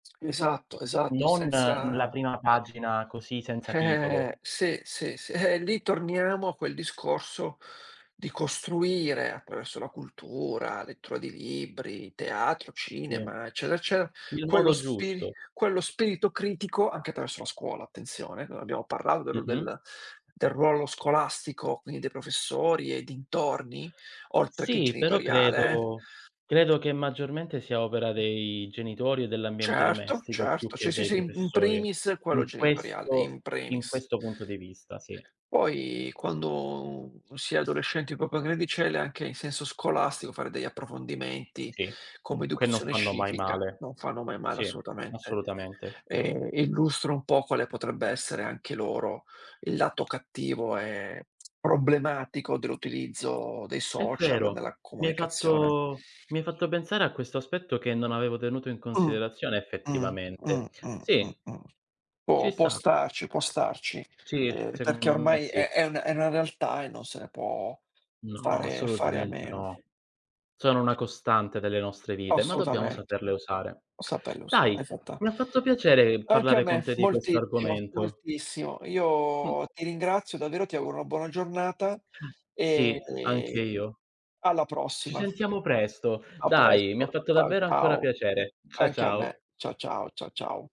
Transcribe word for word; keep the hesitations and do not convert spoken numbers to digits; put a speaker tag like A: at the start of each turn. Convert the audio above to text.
A: Esatto, esatto,
B: Non n la
A: senza
B: prima pagina così senza titolo.
A: sì, sì, sì. Ehm, lì torniamo a quel discorso, di costruire, attraverso la cultura, lettura di libri, teatro,
B: Sì.
A: cinema, eccetera, eccetera,
B: Il
A: quello
B: modo
A: spiri
B: giusto.
A: quello spirito critico, anche attraverso la scuola, attenzione non abbiamo parlato del
B: Mh-mh.
A: del del ruolo scolastico, quindi dei professori e dintorni, oltre che
B: Sì, però
A: genitoriale, eh.
B: credo credo che maggiormente sia opera dei genitori e dell'ambiente
A: Certo,
B: domestico, più
A: certo. Ci
B: che
A: sì
B: dei
A: sì, im in
B: professori.
A: primis quello
B: In
A: genitoriale,
B: questo
A: in
B: in
A: primis.
B: questo punto di vista, sì.
A: Poi quando, un si è adolescenti un po' più grandicelle, anche in senso scolastico fare degli approfondimenti
B: Sì,
A: come
B: que non
A: educazione
B: fanno mai
A: civica
B: male.
A: non fanno mai male
B: Sì,
A: assolutamente.
B: assolutamente.
A: Ehm, illustra un po' quale potrebbe essere anche loro il lato cattivo, ehm, problematico dell'utilizzo dei
B: È
A: social
B: vero,
A: nella
B: mi hai
A: comunicazione.
B: fatto mi hai fatto pensare a questo aspetto che non avevo tenuto in
A: Mh,
B: considerazione
A: mh, mh,
B: effettivamente.
A: mh, mh,
B: Sì.
A: mh.
B: Ci
A: Può può
B: sta.
A: starci, può starci.
B: Sì,
A: Ehm, perché
B: secondo me
A: ormai
B: sì.
A: è è una è una realtà e non se ne può
B: No,
A: fare fare a
B: assolutamente
A: meno.
B: no. Sono una costante delle nostre vite, ma dobbiamo
A: Assolutamente.
B: saperle usare.
A: Saperli
B: Dai,
A: usare, esatta
B: mi ha fatto piacere
A: Anche a
B: parlare con
A: me,
B: te di questo
A: moltissimo,
B: argomento.
A: moltissimo.
B: Mh.
A: Io ti ringrazio davvero, ti auguro una buona giornata,
B: Sì,
A: ehm,
B: anche io.
A: alla
B: Ci
A: prossima.
B: sentiamo presto.
A: A
B: Dai, mi ha
A: presto.
B: fatto
A: Ciao,
B: davvero ancora
A: ciao.
B: piacere. Cia
A: Anche a me.
B: ciao.
A: Ciao, ciao, ciao, ciao.